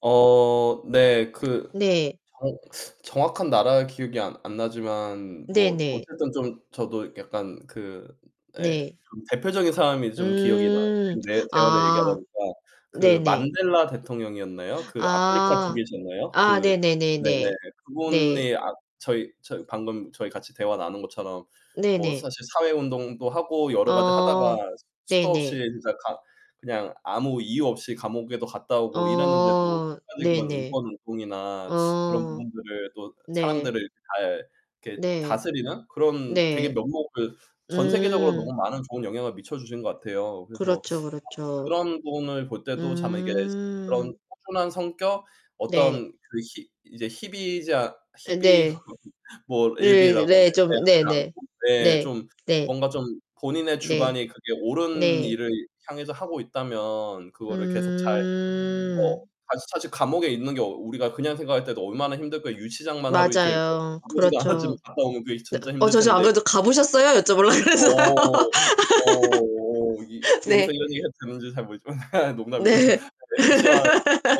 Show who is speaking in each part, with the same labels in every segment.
Speaker 1: 어 네. 그
Speaker 2: 네.
Speaker 1: 정 정확한 나라 기억이 안 안 나지만 뭐
Speaker 2: 네네.
Speaker 1: 어쨌든 좀 저도 약간 그 예
Speaker 2: 네.
Speaker 1: 대표적인 사람이 좀 기억이 나요.
Speaker 2: 음.
Speaker 1: 지금 네. 대화를 얘기하다
Speaker 2: 아.
Speaker 1: 보니까 그
Speaker 2: 네네.
Speaker 1: 만델라 대통령이었나요? 그 아프리카
Speaker 2: 아.
Speaker 1: 쪽이셨나요?
Speaker 2: 아
Speaker 1: 그
Speaker 2: 네네네네.
Speaker 1: 네네 그
Speaker 2: 네.
Speaker 1: 분이 아 저희 저희 방금 저희 같이 대화 나눈 것처럼 뭐
Speaker 2: 네네.
Speaker 1: 사실 사회 운동도 하고 여러 가지
Speaker 2: 어
Speaker 1: 하다가 수도 없이
Speaker 2: 네네.
Speaker 1: 진짜 가 그냥 아무 이유 없이 감옥에도 갔다 오고 이랬는데도
Speaker 2: 어
Speaker 1: 끝까지 그런
Speaker 2: 네네.
Speaker 1: 인권 운동이나 그런
Speaker 2: 어.
Speaker 1: 부분들을 또
Speaker 2: 네.
Speaker 1: 사람들을 잘 이렇게
Speaker 2: 네.
Speaker 1: 다스리는 그런 되게
Speaker 2: 네.
Speaker 1: 면목을 전 세계적으로
Speaker 2: 음.
Speaker 1: 너무 많은 좋은 영향을 미쳐주신 것 같아요. 그래서
Speaker 2: 그렇죠,
Speaker 1: 아
Speaker 2: 그렇죠.
Speaker 1: 그런 분을 볼 때도 참 이게 그런
Speaker 2: 음.
Speaker 1: 꾸준한 성격,
Speaker 2: 네.
Speaker 1: 어떤 그 희 이제 희비자
Speaker 2: 예
Speaker 1: 희비
Speaker 2: 네.
Speaker 1: 뭐
Speaker 2: 네,
Speaker 1: 일비라고
Speaker 2: 네
Speaker 1: 하나요?
Speaker 2: 좀
Speaker 1: [unintelligible]
Speaker 2: 네네.
Speaker 1: 않고 예
Speaker 2: 네.
Speaker 1: 좀
Speaker 2: 네.
Speaker 1: 뭔가 좀 본인의
Speaker 2: 네.
Speaker 1: 주관이 그게 옳은
Speaker 2: 네.
Speaker 1: 일을 향해서 하고 있다면 그거를 계속 잘 어
Speaker 2: 음.
Speaker 1: 다시 사실 감옥에 있는 게 어 우리가 그냥 생각할 때도 '얼마나 힘들까?' 유치장만 하루 이틀 뭐
Speaker 2: 맞아요.
Speaker 1: 가 보지도 않았지만
Speaker 2: 그렇죠.
Speaker 1: 갔다 오면 그게
Speaker 2: 네
Speaker 1: 진짜
Speaker 2: 어
Speaker 1: 힘들
Speaker 2: 저 저
Speaker 1: 텐데.
Speaker 2: 아무래도 "가 보셨어요?" 여쭤 보려고 그랬어요.
Speaker 1: 어. 어 어 이 여 여기서
Speaker 2: 네.
Speaker 1: 이런 얘기 해도 되는지 잘 모르겠지만 농담이고요. 아
Speaker 2: 네.
Speaker 1: 네 그렇지만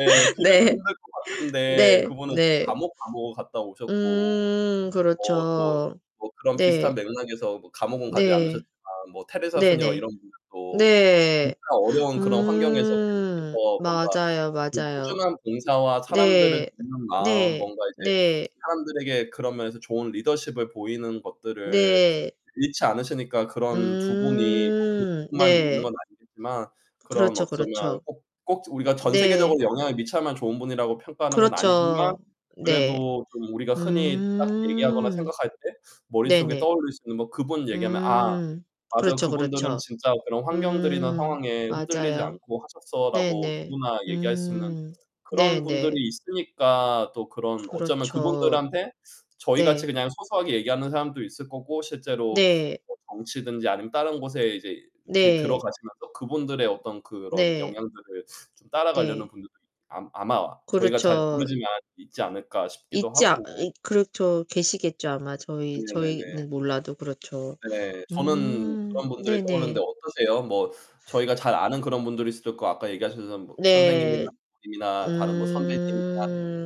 Speaker 1: 예 그래도
Speaker 2: 네.
Speaker 1: 힘들 것 같은데
Speaker 2: 네.
Speaker 1: 그 분은
Speaker 2: 네.
Speaker 1: 감옥, 감옥을 갔다 오셨고
Speaker 2: 음.
Speaker 1: 어 또
Speaker 2: 그렇죠.
Speaker 1: 뭐 그런 비슷한
Speaker 2: 네.
Speaker 1: 맥락에서 뭐 감옥은 가지
Speaker 2: 네.
Speaker 1: 않으셨지만 뭐 테레사 수녀
Speaker 2: 네네.
Speaker 1: 이런 분들도
Speaker 2: 네.
Speaker 1: 진짜 어려운 그런 환경에서
Speaker 2: 음.
Speaker 1: 계속해서 뭔가
Speaker 2: 맞아요,
Speaker 1: 그
Speaker 2: 맞아요.
Speaker 1: 꾸준한 봉사와 사람들을
Speaker 2: 네.
Speaker 1: 돕는 마음
Speaker 2: 네.
Speaker 1: 뭔가 이제
Speaker 2: 네.
Speaker 1: 사람들에게 그런 면에서 좋은 리더십을 보이는 것들을
Speaker 2: 네.
Speaker 1: 잃지 않으시니까 그런 두 분이 [unintelligible]
Speaker 2: 음.
Speaker 1: 그분들만 있는
Speaker 2: 네.
Speaker 1: 건 아니겠지만 그런
Speaker 2: 그렇죠,
Speaker 1: 어쩌면
Speaker 2: 그렇죠.
Speaker 1: 꼭 꼭 우리가 전 세계적으로
Speaker 2: 네.
Speaker 1: 영향을 미쳐야만 좋은 분이라고 평가하는 건 아니지만
Speaker 2: 그렇죠. 네.
Speaker 1: 그래도 좀 우리가 흔히 딱 얘기하거나
Speaker 2: 음.
Speaker 1: 생각할 때 머릿속에
Speaker 2: 네네.
Speaker 1: 떠올릴 수 있는 뭐 그 분 얘기하면 "아.
Speaker 2: 음
Speaker 1: 맞아,
Speaker 2: 그렇죠,
Speaker 1: 그분들은
Speaker 2: 그렇죠.
Speaker 1: 진짜 그런 환경들이나
Speaker 2: 음.
Speaker 1: 상황에 흔들리지
Speaker 2: 맞아요.
Speaker 1: 않고 하셨어."라고
Speaker 2: 네네.
Speaker 1: 누구나 얘기할 수 있는
Speaker 2: 음.
Speaker 1: 그런 분들이
Speaker 2: 네네.
Speaker 1: 있으니까 또 그런 어쩌면 그
Speaker 2: 그렇죠.
Speaker 1: 분들한테 저희같이
Speaker 2: 네.
Speaker 1: 그냥 소소하게 얘기하는 사람도 있을 거고 실제로
Speaker 2: 네.
Speaker 1: 뭐 정치든지 아니면 다른 곳에 이제 그
Speaker 2: 네.
Speaker 1: 들어가시면서 '그분들의 어떤 그런
Speaker 2: 네.
Speaker 1: 영향들을 좀 따라가려는
Speaker 2: 네.
Speaker 1: 분들도 이 암 아마 저희가 잘
Speaker 2: 그렇죠.
Speaker 1: 모르지만 있지 않을까?' 싶기도
Speaker 2: 있지 않
Speaker 1: 하고
Speaker 2: 이 그렇죠. 계시겠죠. 아마
Speaker 1: 네
Speaker 2: 저희
Speaker 1: 네네.
Speaker 2: 저희는 몰라도 그렇죠.
Speaker 1: 네. 저는
Speaker 2: 음.
Speaker 1: 그런 분들이 떠오르는데
Speaker 2: 네네.
Speaker 1: 어떠세요? 뭐 저희가 잘 아는 그런 분들일 수도 있고 아까 얘기하셨던 뭐 선생님이나
Speaker 2: 네.
Speaker 1: 부모님이나 다른 선배님이나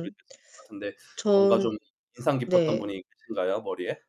Speaker 1: 그러실 수 있을 것 같은데 뭔가 좀
Speaker 2: 전
Speaker 1: 인상 깊었던
Speaker 2: 네.
Speaker 1: 분이 계신가요, 머리에?